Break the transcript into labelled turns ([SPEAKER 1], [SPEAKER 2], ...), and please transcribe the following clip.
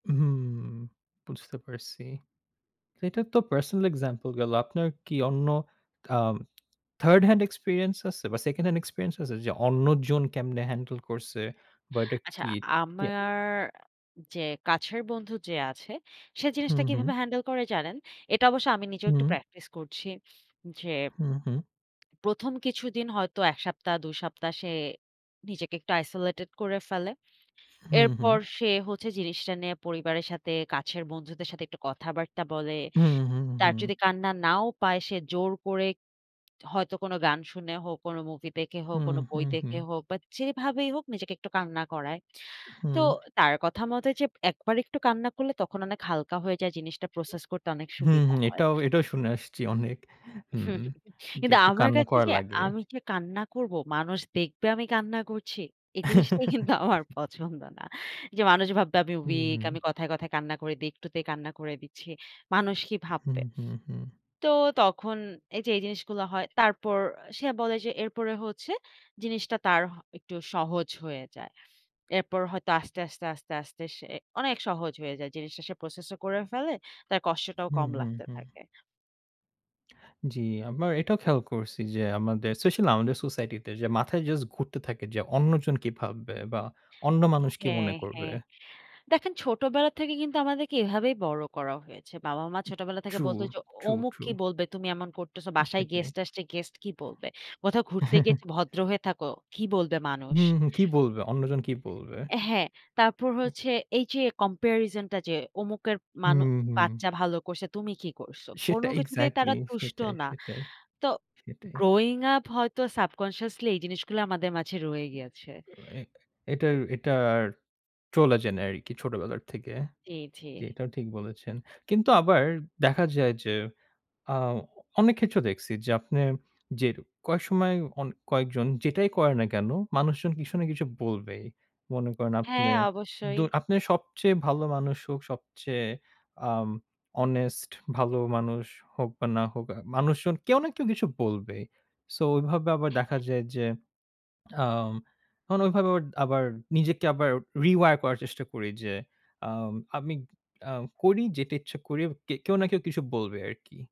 [SPEAKER 1] হুম, বুঝতে পারছি। এটা তো পার্সোনাল এক্সাম্পল গেলো। আপনার কি অন্য আম থার্ড হ্যান্ড এক্সপেরিয়েন্স আছে বা সেকেন্ড হ্যান্ড এক্সপেরিয়েন্স আছে যে, অন্যজন কেমনে হ্যান্ডেল করছে বা এটা
[SPEAKER 2] আচ্ছা,
[SPEAKER 1] কি? কি
[SPEAKER 2] আমার যে কাছের বন্ধু যে আছে, সে
[SPEAKER 1] হু,
[SPEAKER 2] জিনিসটা
[SPEAKER 1] হু।
[SPEAKER 2] কিভাবে হ্যান্ডেল করে জানেন? এটা অবশ্যই আমি নিজেও একটু
[SPEAKER 1] হুম।
[SPEAKER 2] প্র্যাকটিস করছি যে
[SPEAKER 1] হুম, হুম।
[SPEAKER 2] প্রথম কিছুদিন হয়তো ১ সপ্তাহ ২ সপ্তাহ, সে নিজেকে একটু আইসোলেটেড করে ফেলে।
[SPEAKER 1] হুম, হুম।
[SPEAKER 2] এরপর সে হচ্ছে, জিনিসটা নিয়ে পরিবারের সাথে, কাছের বন্ধুদের সাথে, একটু কথাবার্তা বলে।
[SPEAKER 1] হুম, হুম,
[SPEAKER 2] তার
[SPEAKER 1] হুম।
[SPEAKER 2] যদি কান্না নাও পায়, সে জোর করে হয়তো কোনো গান শুনে হোক, কোনো মুভি দেখে হোক,
[SPEAKER 1] হুম,
[SPEAKER 2] কোনো বই
[SPEAKER 1] হুম, হুম।
[SPEAKER 2] দেখে হোক বা যেভাবেই হোক নিজেকে একটু কান্না করায়। তো
[SPEAKER 1] হুম।
[SPEAKER 2] তার কথা মতো যে, ১ বার একটু কান্না করলে, তখন অনেক হালকা হয়ে যায়, জিনিসটা প্রসেস করতে অনেক
[SPEAKER 1] হুম,
[SPEAKER 2] সুবিধা হয়।
[SPEAKER 1] এটাও, এটাও শুনে আসছি অনেক। হুম, যে
[SPEAKER 2] কিন্তু
[SPEAKER 1] একটু
[SPEAKER 2] আমার
[SPEAKER 1] কান্না
[SPEAKER 2] কাছে
[SPEAKER 1] করা
[SPEAKER 2] যে
[SPEAKER 1] লাগে।
[SPEAKER 2] আমি যে কান্না করব, মানুষ দেখবে আমি কান্না করছি, এই জিনিসটা কিন্তু আমার পছন্দ না। যে মানুষ ভাববে আমি
[SPEAKER 1] হুম,
[SPEAKER 2] ওইক,
[SPEAKER 1] হুম।
[SPEAKER 2] আমি কথায়, কথায় কান্না করি দি, একটু তে কান্না করে দিচ্ছি। মানুষ কি
[SPEAKER 1] হুম,
[SPEAKER 2] ভাববে?
[SPEAKER 1] হুম, হুম।
[SPEAKER 2] তো তখন এই যে, এই জিনিসগুলো হয়, তারপর সে বলে যে, "এরপরে হচ্ছে, জিনিসটা তার একটু সহজ হয়ে যায়।" এরপর হয়তো আস্তে, আস্তে, আস্তে, আস্তে সে অনেক সহজ হয়ে যায়। জিনিসটা সে প্রসেস ও করে ফেলে, তার কষ্টটাও
[SPEAKER 1] হুম,
[SPEAKER 2] কম
[SPEAKER 1] হুম,
[SPEAKER 2] লাগতে
[SPEAKER 1] হুম।
[SPEAKER 2] থাকে।
[SPEAKER 1] জ্বি, আমরা এটাও খেয়াল করছি যে, আমাদের স্পেশালই আমাদের সোসাইটি তে যে, মাথায় জাস্ট ঘুরতে থাকে যে, অন্যজন কী ভাববে বা অন্য মানুষ কী
[SPEAKER 2] হ্যাঁ,
[SPEAKER 1] মনে করবে?
[SPEAKER 2] হ্যাঁ। দেখেন ছোটবেলা থেকে কিন্তু আমাদেরকে এভাবেই বড় করা হয়েছে। বাবা-মা ছোটবেলা থেকে
[SPEAKER 1] ট্রু,
[SPEAKER 2] বলতো যে,
[SPEAKER 1] ট্রু,
[SPEAKER 2] অমুক
[SPEAKER 1] ট্রু।
[SPEAKER 2] কি বলবে, তুমি এমন করতেছ। বাসায়
[SPEAKER 1] সেটাই।
[SPEAKER 2] গেস্ট আসছে, গেস্ট কি বলবে? কোথাও ঘুরতে গিয়ে ভদ্র হয়ে থাকো। কি বলবে মানুষ?
[SPEAKER 1] হুম, কি বলবে, অন্যজন কি বলবে?
[SPEAKER 2] হ্যাঁ, তারপর
[SPEAKER 1] হুম।
[SPEAKER 2] হচ্ছে এই যে কম্পেরিজন টা যে, "অমুকের মানু
[SPEAKER 1] হুম, হুম।
[SPEAKER 2] বাচ্চা ভালো করছে, তুমি কি করছ?"
[SPEAKER 1] সেটা
[SPEAKER 2] কোনো কিছুতেই
[SPEAKER 1] এক্সাক্টলি,
[SPEAKER 2] তারা তুষ্ট
[SPEAKER 1] সেটাই,
[SPEAKER 2] না।
[SPEAKER 1] সেটাই,
[SPEAKER 2] তো
[SPEAKER 1] সেটাই।
[SPEAKER 2] গ্রোইং আপ হয়তো সাবকন্সিয়াসলি, এই জিনিসগুলো আমাদের মাঝে রয়ে গেছে।
[SPEAKER 1] এ এটা, এটা চলে যায় আরকি ছোটবেলার থেকে।
[SPEAKER 2] জি, জি।
[SPEAKER 1] জি, এটাও ঠিক বলেছেন। কিন্তু আবার দেখা যায় যে, আ অনেক ক্ষেত্র দেখছি যে, আপনি যে কয়েক সময় অন কয়েকজন যেটাই করেন না কেন, মানুষজন কিছু না কিছু বলবেই। মনে করেন,
[SPEAKER 2] হ্যাঁ,
[SPEAKER 1] আপনে দ
[SPEAKER 2] অবশ্যই।
[SPEAKER 1] আপনে সবচেয়ে ভালো মানুষ হোক, সবচেয়ে আম হনেস্ট ভালো মানুষ হোক বা না হোক, আ মানুষজন কেউ না কেউ কিছু বলবেই। সো ওইভাবে আবার দেখা
[SPEAKER 2] হ্যাঁ।
[SPEAKER 1] যায় যে, আ তখন ওইভাবে আবার নিজেকে আবার রিওয়ার করার চেষ্টা করি যে, আ আমি আ করি যেটা ইচ্ছা করি, কে কেউ না কেউ কিছু বলবে আরকি।